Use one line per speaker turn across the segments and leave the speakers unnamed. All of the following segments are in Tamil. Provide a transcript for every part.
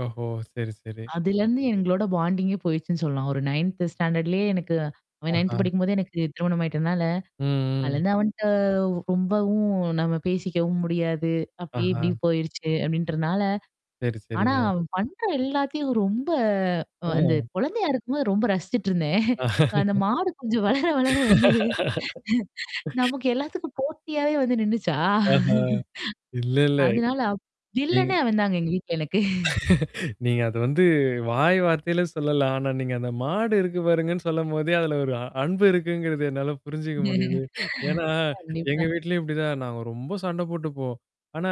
ஓஹோ! சரி, சரி.
அதுலருந்து எங்களோட பாண்டிங்கே போயிடுச்சுன்னு சொல்லலாம். ஒரு 9 ஸ்டாண்டர்ட்லேயே எனக்கு அவன் 9
ஆஹான்!
படிக்கும்போதே எனக்கு திருமணம் ஆயிட்டனால,
ம், ம்.
அதுலருந்து அவன்ட்ட ரொம்பவும் நம்ம பேசிக்கவும் முடியாது. அப்டி
ஆஹா!
இப்டியும் போயிருச்சு அப்டின்றனால
சரி,
ஆனா
சரிங்க.
அவன் பண்ற எல்லாத்தையும் ரொம்ப அ அந்த
ஓ!
குழந்தையா இருக்கும்போது ரொம்ப ரசிச்சுட்டுருந்தேன். அந்த மாடு கொஞ்சம் வளர வளர வந்து நமக்கு எல்லாத்துக்கும் போட்டியாவே வந்து நின்னுச்சா?
ஆஹான்! இல்லல்ல.
அதனால அப்
ம்.
வில்லன்னே அவன் தாங்க எங்க வீட்ல எனக்கு.
நீங்க அது வந்து வாய் வார்த்தையில சொல்லலாம். ஆனா, நீங்க அந்த மாடு இருக்கு பாருங்கன்னு சொல்லும்போதே அதுல ஒரு அன்பு இருக்குங்கிறது என்னால புரிஞ்சுக்க முடியுது. ஏன்னா எங்க
கண்டிப்பா.
வீட்லயும் இப்படிதான் நாங்க ரொம்ப சண்டை போட்டுப்போம். ஆனா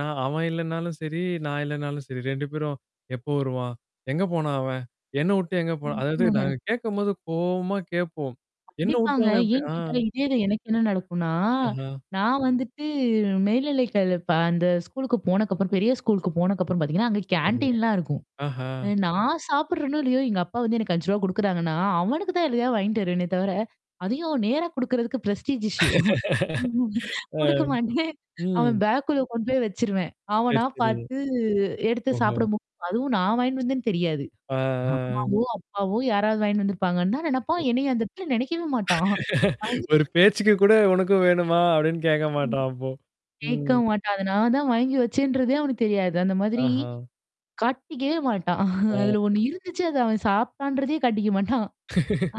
நான் அவன் இல்லனாலும் சரி, நான் இல்லனாலும் சரி, 2 பேரும் "எப்போ வருவான்? எங்க போனான் அவன்? என்ன உட்டு எங்க போனா"
ம்.
அதாவது நாங்க
[unintelligible]
கேட்கும்போது கோவமா கேட்போம். "என்ன உட்டு
கண்டிப்பாங்க.
அவன் எப்படி
ஏன்னு கேட்டா,
ஆன்-"
இதே தான் எனக்கு என்ன நடக்குன்னா,
அஹம்.
நான் வந்துட்டு மேல்நிலைகள் அந்த ஸ்கூலுக்கு போனதுக்கப்புறம் பெரிய ஸ்கூலுக்கு போனக்கப்புறம் பாத்தீங்கன்னா, அங்க
சரிங்க.
கேன்டீன்லாம் இருக்கும். அ
ஆஹான்!
நான் சாப்படுறேனும் இல்லையோ! எங்க அப்பா வந்து எனக்கு ரூ.5 குடுக்குறாங்கன்னா, அவனுக்கு தான் எதையோ வாங்கிட்டு வருவேனே தவிர, அதையும் நேரா குடுக்குறதுக்கு ஃப்ரெஸ்டிஜ் இஸ்யூ ம்
ஆ,
குடுக்க மாட்டேன். அவன்
ம்.
பேக்குள்ள கொண்டு போய் வச்சுருவேன்.
சரி,
அவனா
சரி.
பாத்து எடுத்து
ஓஹோ!
சாப்பிட [unintelligible] அதுவும், நான் வாங்கிட்டு வந்தேன்னு தெரியாது.
ஆ.
அம்மாவோ, அப்பாவோ யாராவது வாங்கிட்டு வந்திருப்பாங்கன்னு தான் நெனப்பான். என்னையும் அந்த இடத்துல நினைக்கவே மாட்டான்.
ஒரு
[unintelligible]
பேச்சுக்கு கூட உனக்கும் வேணுமா? அப்படின்னு கேட்க
ம்.
மாட்டான் அப்போ.
கேட்க
ம்.
மாட்டான். அத நான் தான் வாங்கி வச்சேன்றதே அவனுக்கு தெரியாது. அந்த மாதிரி,
ஆஹான்!
காட்டிக்கவே மாட்டான்.
அ.
அதுல ஒண்ணு இருந்துச்சு அத அவன் சாபிட்டான்றதையே காட்டிக்க மாட்டான்.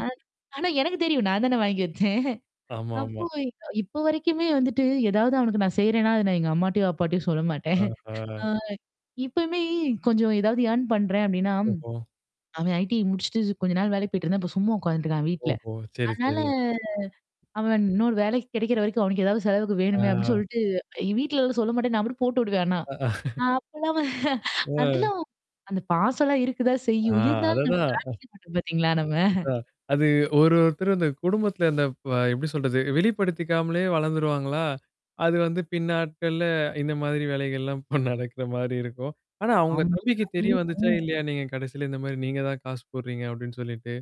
ஆ ஆனா, எனக்கு தெரியும். நான் தானே வாங்கி வச்சேன். அப்போ
ஆமாமா.
இப்ப வரைக்குமே வந்துட்டு ஏதாவது அவனக்கு நான் செய்றேன்னா, அத நான் எங்க அம்மாட்டயோ, அப்பாட்டயும் சொல்ல மாட்டேன். ஆ.
ஆஹா!
இப்பயுமே கொஞ்சம் ஏதாவது ஏர்ன் பண்றேன் அப்டின்னா,
ஓஹோ!
அவன் ஐடிஐ முடிச்சுட்டு கொஞ்ச நாள் வேலைக்கு போயிட்டுருந்தான், இப்போ சும்மா உட்காந்துட்டுருக்கான் வீட்ல.
ஓஹோ! சரி,
அதனால.
சரி.
அவன் இன்னொரு வேலைக்கு கிடைக்கிற வரைக்கும் அவனக்கு ஏதாவது செலவுக்கு வேணுமே அப்டின்னு
ஆ!
சொல்லிட்டு, என் வீட்ல எல்லாம் சொல்ல மாட்டேன். நான் அப்படியே போட்டு விடுவேன் ஆனா, அப்பல்லாம் [unintelligible]
அ.
அதெல்லாம் அந்த பாசலாம் இருக்குதா
ஆ,
செய்யும், இருந்தாலும் நம்ம
அததான்.
காட்டிக்க மாட்டோம் பாத்தீங்களா நம்ம.
இதான் அது ஒரு ஒருத்தர் அந்த குடும்பத்தில அந்த அ எப்படி சொல்றது வெளிப்படுத்திக்காமலே வளந்துருவாங்களா, அது வந்து பின்னாட்க்கள்ள இந்த மாதிரி வேலைகள்லாம் இப்ப நடக்கிற மாரி இருக்கும். ஆனா உங்க
ஆமாங்க,
தம்பிக்கு தெரிய
ம்,
வந்துச்சா?
ம்.
இல்லையா? நீங்க கடைசியில இந்த மாரி நீங்க தான் காசு போடுறீங்க அப்டின்னு சொல்லிட்டு.